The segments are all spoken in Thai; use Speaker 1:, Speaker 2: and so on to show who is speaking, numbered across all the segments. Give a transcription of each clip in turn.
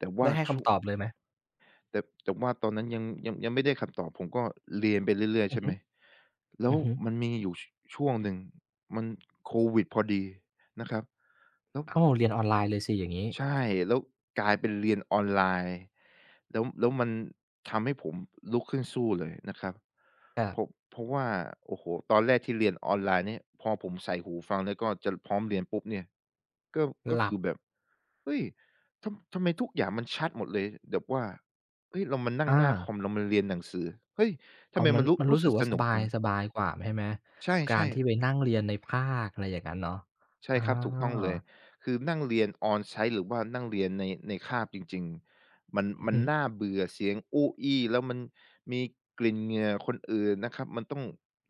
Speaker 1: แต่ว
Speaker 2: ได
Speaker 1: ่า
Speaker 2: ้ให้ค
Speaker 1: ช่วง
Speaker 2: ำตอบเลยไหม?
Speaker 1: แต่ แต่ว่าตอนนั้นยัง ยัง ยังไม่ได้คำตอบ ผมก็เรียนไปเรื่อย ๆ
Speaker 2: อื
Speaker 1: ใช
Speaker 2: อ
Speaker 1: ่
Speaker 2: ฮ
Speaker 1: ไ
Speaker 2: ึ
Speaker 1: หม แล้
Speaker 2: อ
Speaker 1: ว
Speaker 2: ือฮึ
Speaker 1: มันมีอยู่ ช ช่วงหนึ่ง มัน โควิดพอดีนะครับ แล้ว
Speaker 2: อ้าว! เรียนออนไลน์เลยสิ อย่างงี้
Speaker 1: ใช่แล้วกลายเป็นเรียนออนไลน์ แล้ว แล้วมันทำให้ผมลุกขึ้นสู้เลยนะครับ
Speaker 2: ครั
Speaker 1: เพ
Speaker 2: บ
Speaker 1: ราะ เพราะว่า โอ้โฮ! ตอนแรกที่เรียนออนไลน์นี้ พอผมใส่หูฟังแล้วก็จะพร้อมเรียนปุ๊บเนี่ย ก็ ก็
Speaker 2: หล
Speaker 1: ค
Speaker 2: ับ
Speaker 1: ือแบบ "เฮ้ย! ทำ ทำไมทุกอย่างมันชัดหมดเลย" แบบว่า "เฮ้ย! เรามานั่ง
Speaker 2: อ
Speaker 1: หน้าค
Speaker 2: า
Speaker 1: อม เรามาเรียนหนังสือ เฮ้ย! ท
Speaker 2: อ
Speaker 1: ำ
Speaker 2: ๋อ
Speaker 1: ไม
Speaker 2: มั
Speaker 1: มั
Speaker 2: น
Speaker 1: นรู้
Speaker 2: มัน
Speaker 1: ร
Speaker 2: ร
Speaker 1: ู
Speaker 2: ู
Speaker 1: ้
Speaker 2: ้ส
Speaker 1: ส
Speaker 2: ึ
Speaker 1: ึ
Speaker 2: ก
Speaker 1: ก
Speaker 2: ว่
Speaker 1: ส
Speaker 2: าส
Speaker 1: นุ
Speaker 2: บ
Speaker 1: ก
Speaker 2: า
Speaker 1: จ
Speaker 2: ย
Speaker 1: ัง?"
Speaker 2: สบายกว่าแม่ไหม?
Speaker 1: ใช
Speaker 2: กา
Speaker 1: ่
Speaker 2: รท
Speaker 1: ๆ
Speaker 2: ี่ไปนั่งเรียนในภาค อะไรอย่างงั้นเนาะ
Speaker 1: ใช่
Speaker 2: อ
Speaker 1: ครับ ถูกต้องเลย
Speaker 2: า
Speaker 1: คือนั่งเรียน on-site หรือว่านั่งเรียนใน ในคาบจริง ๆ มัน
Speaker 2: อือ
Speaker 1: มั
Speaker 2: ฮ
Speaker 1: น
Speaker 2: ึ
Speaker 1: น่าเบื่อ เสียงอู้อี้ แล้วมันมีกลิ่นเหงื่อคนอื่นนะครับ มันต้อง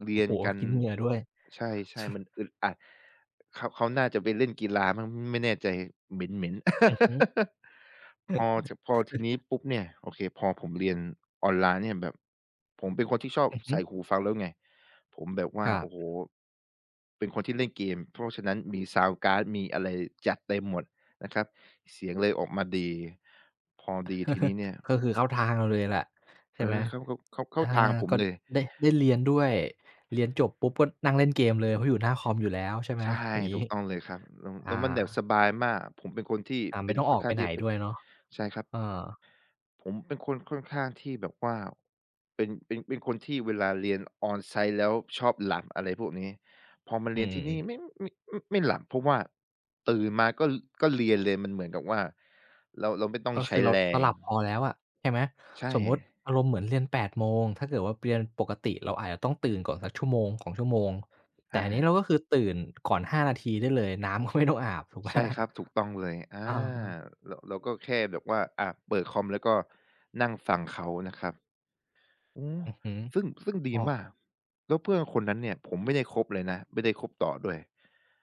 Speaker 1: เร
Speaker 2: โอ
Speaker 1: ี
Speaker 2: ้
Speaker 1: ยน
Speaker 2: โฮ!
Speaker 1: กัน
Speaker 2: กลิ่นเหงื่อด้วย
Speaker 1: ใช่ ๆ มันอึดอัด เขา เขาน่าจะไปเล่นกีฬามั้งไม่แน่ใจ เหม็น ๆ
Speaker 2: อือฮึ
Speaker 1: พอ ท พอทีนี้ปุ๊บเนี่ย โอเค พอผมเรียนออนไลน์เนี่ยแบบ ผมเป็นคนที่ชอบ
Speaker 2: อือฮ
Speaker 1: ใส
Speaker 2: ึ
Speaker 1: ่หูฟังแล้วไง ผมแบบว่
Speaker 2: ค
Speaker 1: า
Speaker 2: รั
Speaker 1: โอ
Speaker 2: บ
Speaker 1: ้โฮ เป็นคนที่เล่นเกม เพราะฉะนั้นมีซาวนด์การ์ด มีอะไร จัดเต็มหมดนะครับ เสียงเลยออกมาดี พอดีทีนี้เนี่ย
Speaker 2: ก็คือเข้าทางเราเลยแหละ ใช
Speaker 1: เอ
Speaker 2: ่ไหม
Speaker 1: อ เข้า เข้า เข้า เข้
Speaker 2: อ
Speaker 1: า
Speaker 2: า
Speaker 1: ทางผม
Speaker 2: ก็
Speaker 1: เลย
Speaker 2: ได้ ได้เรียนด้วย เรียนจบปุ๊บก็นั่งเล่นเกมเลย เพราะอยู่หน้าคอมอยู่แล้วใช่ไห
Speaker 1: ใ
Speaker 2: ม?
Speaker 1: ช่
Speaker 2: อย่างงี
Speaker 1: ถู
Speaker 2: ้
Speaker 1: กต้องเลยครับ แล้ว
Speaker 2: อ
Speaker 1: แล
Speaker 2: า
Speaker 1: ้วมันแบบ สบายมาก ผมเป็นคนที่
Speaker 2: อา
Speaker 1: เ
Speaker 2: ไ
Speaker 1: ป
Speaker 2: ม
Speaker 1: ็
Speaker 2: ่
Speaker 1: น
Speaker 2: ต้อง
Speaker 1: ค
Speaker 2: อ
Speaker 1: ่อน
Speaker 2: อก
Speaker 1: ข้
Speaker 2: ไป
Speaker 1: างท
Speaker 2: ไ
Speaker 1: ี
Speaker 2: ห
Speaker 1: ่
Speaker 2: น
Speaker 1: จะปิ
Speaker 2: ด
Speaker 1: ด
Speaker 2: ้วยเนาะ
Speaker 1: ใช่ครับ
Speaker 2: เออ
Speaker 1: ผมเป็นคนค่อนข้างที่แบบว่า เป็น เป็น เป็นคนที่เวลาเรียน on-site แล้วชอบหลับ อะไรพวกนี้ พอมา
Speaker 2: อ
Speaker 1: เ
Speaker 2: ื
Speaker 1: รียนที่นี่
Speaker 2: ม
Speaker 1: ไม่ ไม่ อ ไม่หลับ เพราะว่าตื่นมาก็ ล ก็เรียนเลย มันเหมือนกับว่าเรา เราไม่ต้อ
Speaker 2: ก
Speaker 1: ง
Speaker 2: ็
Speaker 1: ใ
Speaker 2: ค
Speaker 1: ช
Speaker 2: ื
Speaker 1: ้
Speaker 2: อเรา
Speaker 1: แร
Speaker 2: เรา
Speaker 1: ง
Speaker 2: หลับพอแล้วอะ ใช่ไหม
Speaker 1: ใช
Speaker 2: สมมุติ
Speaker 1: ่
Speaker 2: อารมณ์เหมือนเรียน 8 โมง ถ้าเกิดว่าไปเรียน ปกติเราอาจจะต้องตื่นก่อนสัก 1-2 ชั่วโมง แต่
Speaker 1: อ
Speaker 2: อันนี้
Speaker 1: า
Speaker 2: เราก็คือตื่น ก่อน 5 นาทีได้เลย น้ำก็ไม่ต้องอาบถูก ไหม?
Speaker 1: ใช่ครับ ถูกต้องเลย อา
Speaker 2: อา ๆ
Speaker 1: เรา เราก็แค่แบบว่า อา เปิดคอมแล้วก็นั่งฟัง เขานะครับ อืม
Speaker 2: อือฮึ
Speaker 1: ซึ่ง ซึ่งดี
Speaker 2: อ้อ
Speaker 1: มาก แล้วเพื่อนคนนั้นเนี่ยผมไม่ได้คบเลยนะ ไม่ได้คบต่อด้วย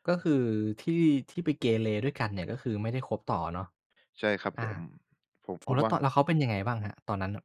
Speaker 2: ก็คือที่ ไปเกเรด้วยกัน เนี่ย ก็คือไม่ได้คบต่อเนาะ
Speaker 1: ใช่ครับ
Speaker 2: อา
Speaker 1: ผม ผม
Speaker 2: อ
Speaker 1: พ
Speaker 2: ้อ
Speaker 1: บ
Speaker 2: แล้ว
Speaker 1: ว่
Speaker 2: ต
Speaker 1: า
Speaker 2: แล้วเขาเป็นยังไงบ้างครับ? ตอนนั้นน่ะ